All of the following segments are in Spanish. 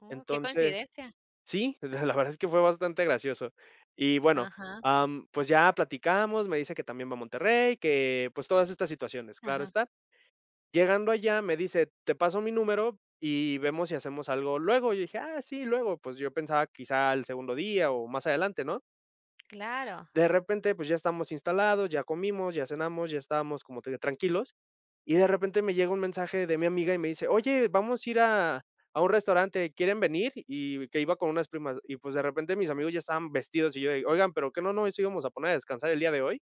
Uh, qué Entonces, coincidencia. sí, la la verdad es que fue bastante gracioso. Y bueno, Ajá. am, pues, ya platicamos, me dice que también va a Monterrey, que, pues, todas estas situaciones, claro Ajá. está. Llegando allá me dice: "Te paso mi número, y vemos si hacemos algo luego", y yo dije: "Ah, sí, luego", pues, yo pensaba quizá al segundo día, o, más adelante, ¿no? Claro. De repente, pues, ya estamos instalados, ya comimos, ya cenamos, ya estábamos como te digo tranquilos, y de repente me llega un mensaje de mi amiga, y me dice: "Oye, vamos a ir a a un restaurante, ¿quieren venir?". Y que iba con unas primas, y, pues, de repente mis amigos ya estaban vestidos, y yo, de: "Oigan, pero, ¿qué no nos íbamos a poner a descansar el día de hoy?".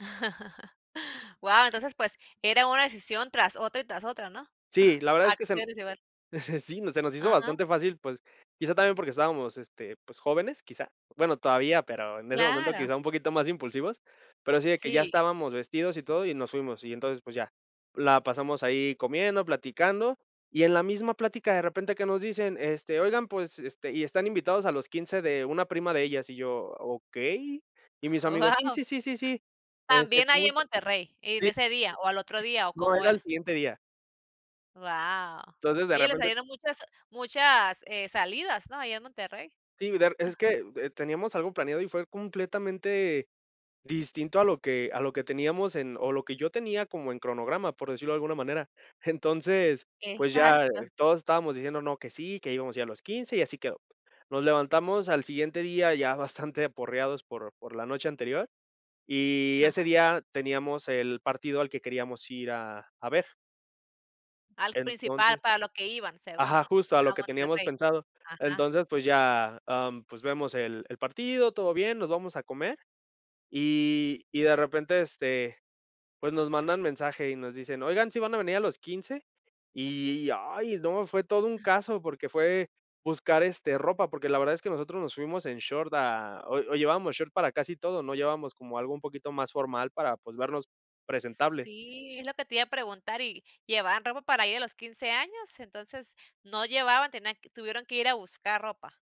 Guau, entonces, pues, era una decisión, tras otra, y tras otra, ¿no? Sí, la verdad es que se n Acciones, igual. sí, se nos hizo Ajá. bastante fácil, pues, quizá también, porque estábamos, este, pues jóvenes, quizás. Bueno, todavía pero, en ese momento Claro. quizá un poquito más impulsivos, pero sí, de que ya Sí. estábamos vestidos y todo, y nos fuimos. Y entonces, pues ya, la pasamos ahí comiendo, platicando, y en la misma plática, de repente que nos dicen: "Este, oigan, pues, este, y están invitados a los 15 de una prima de ellas". Y yo: "Okey". Y mis amigos: "Sí, Guau. sí, sí, sí, También allí en [unintelligible] Monterrey, ¿en sí." ese día, o, al otro día. O, No, cómo era al era? siguiente día. Guau, Entonces, de oye, les repente salieron muchas muchas, eh, salidas, ¿no? Allá en Monterrey. Sí, der es que, eh, teníamos algo planeado, y fue completamente distinto a lo que a lo que teníamos, en o, lo que yo tenía como en cronograma, por decirlo de alguna manera. Entonces, pues, ya Exacto. todos estábamos diciendo: "No, que sí, que íbamos a ir los 15, y así quedó". Nos levantamos al siguiente día, ya bastante aporreados por por la noche anterior, y Ajá. ese día teníamos el partido al que queríamos ir a a ver. Al principal Entonces para lo que iban, según ajá, justo a lo a que teníamos Monterrey. pensado. Ajá. Entonces, pues ya, em, pues vemos el el partido, todo bien, nos vamos a comer, y y de repente, este, pues, nos mandan mensaje, y nos dicen: "Oigan, ¿sí van a venir a los 15?". Y ay, no, fue todo un caso, porque fue buscar, este, ropa, porque, la verdad es que nosotros nos fuimos en short a o o, llevábamos short para casi todo, no llevábamos como algo un poquito más formal para, pues, vernos presentables. Sí, es lo que te iba a preguntar, ¿y llevaban ropa para ir a los 15 años? Entonces no llevaban tenían tuvieron que ir a buscar ropa.